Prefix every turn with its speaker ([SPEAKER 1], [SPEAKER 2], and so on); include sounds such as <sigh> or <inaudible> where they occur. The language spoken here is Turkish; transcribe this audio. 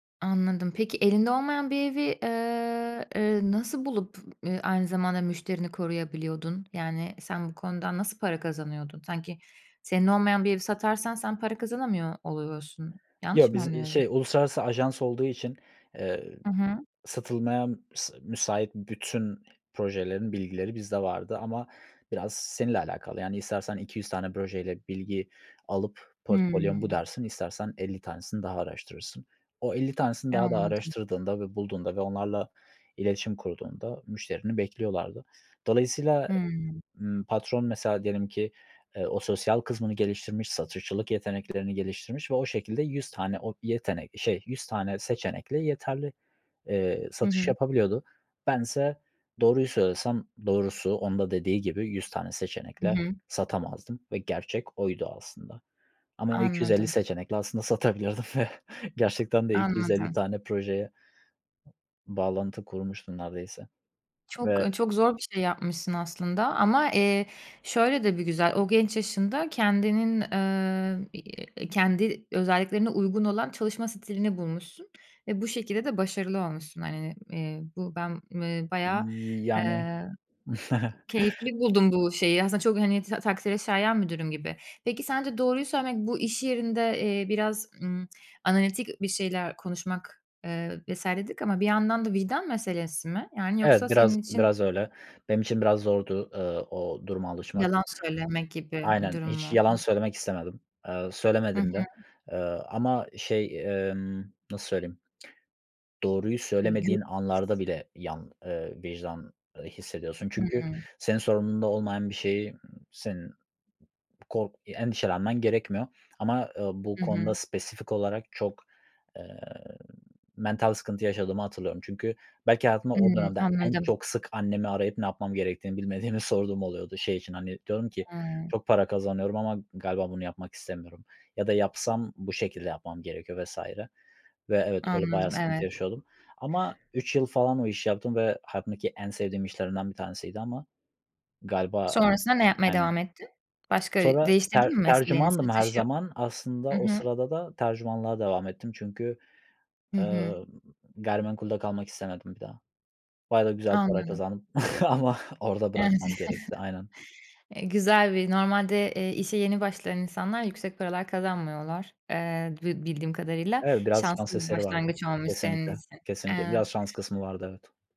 [SPEAKER 1] Anladım. Peki elinde olmayan bir evi, eee, eee, nasıl bulup, eee, aynı zamanda müşterini koruyabiliyordun? Yani sen bu konudan nasıl para kazanıyordun? Sanki senin olmayan bir evi satarsan sen para kazanamıyor oluyorsun. Yanlış
[SPEAKER 2] Yo,
[SPEAKER 1] mı
[SPEAKER 2] biz, eee,
[SPEAKER 1] anlıyorum?
[SPEAKER 2] şey, uluslararası ajans olduğu için, eee,
[SPEAKER 1] Hı hı.
[SPEAKER 2] satılmaya m s müsait bütün projelerin bilgileri bizde vardı ama biraz seninle alakalı. Yani istersen 200 tane projeyle bilgi alıp portfolyo'm bu
[SPEAKER 1] Hımm.
[SPEAKER 2] dersin, istersen 50 tanesini daha araştırırsın. O 50 tanesini
[SPEAKER 1] Eee,
[SPEAKER 2] daha da
[SPEAKER 1] anladım.
[SPEAKER 2] araştırdığında ve bulduğunda ve onlarla iletişim kurduğunda müşterini bekliyorlardı. Dolayısıyla,
[SPEAKER 1] Hmm.
[SPEAKER 2] ımm, patron mesela diyelim ki, eee, o sosyal kısmını geliştirmiş, satışçılık yeteneklerini geliştirmiş ve o şekilde 100 tane o yetenek şey, 100 tane seçenekle yeterli, eee,
[SPEAKER 1] Hı
[SPEAKER 2] satış
[SPEAKER 1] hı.
[SPEAKER 2] yapabiliyordu. Bense doğruyu söylesem, doğrusu onun da dediği gibi, 100 tane
[SPEAKER 1] Hı
[SPEAKER 2] seçenekle
[SPEAKER 1] hı.
[SPEAKER 2] satamazdım ve gerçek oydu aslında ama 250
[SPEAKER 1] Anladım.
[SPEAKER 2] seçenekle aslında satabilirdim ve gerçekten de 250
[SPEAKER 1] Anladım.
[SPEAKER 2] tane projeye bağlantı kurmuştum neredeyse
[SPEAKER 1] Çok,
[SPEAKER 2] ve
[SPEAKER 1] ııı, çok zor bir şey yapmışsın aslında ama, eee, şöyle de bir güzel, o genç yaşında kendinin, eee, iii, kendi özelliklerine uygun olan çalışma stilini bulmuşsun ve bu şekilde de başarılı olmuşsun. Hani, eee, bu ben, eee, bayağı,
[SPEAKER 2] Y yani.
[SPEAKER 1] eee,
[SPEAKER 2] <chuckles>
[SPEAKER 1] keyifli buldum bu şeyi. Aslında çok, hani, tak takdire şayan bir durum gibi. Peki sence doğruyu söylemek bu iş yerinde, eee, biraz, ımm, analitik bir şeyler konuşmak, eee, vs. dedik ama bir yandan da vicdan meselesi mi? Yani, yoksa
[SPEAKER 2] Evet, biraz
[SPEAKER 1] senin için
[SPEAKER 2] biraz öyle. Benim için biraz zordu, eee, o duruma alışmak.
[SPEAKER 1] Yalan söylemek gibi bir
[SPEAKER 2] Aynen,
[SPEAKER 1] durum
[SPEAKER 2] hiç
[SPEAKER 1] mu?
[SPEAKER 2] yalan söylemek istemedim. Eee,
[SPEAKER 1] Hı
[SPEAKER 2] söylemedim de.
[SPEAKER 1] hı.
[SPEAKER 2] Eee, ama, şey, emm, nasıl söyleyeyim? Doğruyu
[SPEAKER 1] Eee, gü
[SPEAKER 2] söylemediğin
[SPEAKER 1] <unintelligible>
[SPEAKER 2] anlarda bile, yan ııı, vicdan, ııı, hissediyorsun çünkü
[SPEAKER 1] Hımm.
[SPEAKER 2] senin sorumluluğunda olmayan bir şeyi senin kork eee, endişelenmen gerekmiyor ama, eee, bu
[SPEAKER 1] Hı hı.
[SPEAKER 2] konuda spesifik olarak çok, eee, mental sıkıntı yaşadığımı hatırlıyorum. Çünkü belki hayatımda o
[SPEAKER 1] Imm,
[SPEAKER 2] dönemde en
[SPEAKER 1] anladım.
[SPEAKER 2] çok, sık annemi arayıp ne yapmam gerektiğini bilmediğimi sorduğum oluyordu. Şey için, hani, diyordum ki:
[SPEAKER 1] Hıı.
[SPEAKER 2] "Çok para kazanıyorum ama galiba bunu yapmak istemiyorum ya da yapsam bu şekilde yapmam gerekiyor" vs. Ve evet, öyle bayağı
[SPEAKER 1] Anladım,
[SPEAKER 2] sıkıntı
[SPEAKER 1] evet.
[SPEAKER 2] yaşıyordum ama 3 yıl falan o işi yaptım ve hayatımdaki en sevdiğim işlerimden bir tanesiydi ama galiba
[SPEAKER 1] Sonrasında ne yapmaya
[SPEAKER 2] Aynen.
[SPEAKER 1] devam ettin? Başka
[SPEAKER 2] Sonra ter
[SPEAKER 1] değiştirdin mi mesleğini,
[SPEAKER 2] tercümandım her
[SPEAKER 1] satışı?
[SPEAKER 2] zaman. Aslında
[SPEAKER 1] Hı
[SPEAKER 2] o
[SPEAKER 1] hı.
[SPEAKER 2] sırada da tercümanlığa devam ettim çünkü,
[SPEAKER 1] Hı hı.
[SPEAKER 2] eee, gayrimenkulde kalmak istemedim bir daha. Bayağı da güzel bir para
[SPEAKER 1] Anladım.
[SPEAKER 2] kazandım <chuckles> ama orada
[SPEAKER 1] Evet.
[SPEAKER 2] bırakmam gerekti, aynen.
[SPEAKER 1] <chuckles> Eee, güzel bir normalde, eee, işe yeni başlayan insanlar yüksek paralar kazanmıyorlar, eee, bi bildiğim kadarıyla.
[SPEAKER 2] Evet, biraz şans
[SPEAKER 1] Şanslı bir
[SPEAKER 2] eseri vardı.
[SPEAKER 1] başlangıç olmuş senin
[SPEAKER 2] Kesinlikle,
[SPEAKER 1] için,
[SPEAKER 2] kesinlikle. Biraz
[SPEAKER 1] evet.
[SPEAKER 2] şans kısmı vardı, evet.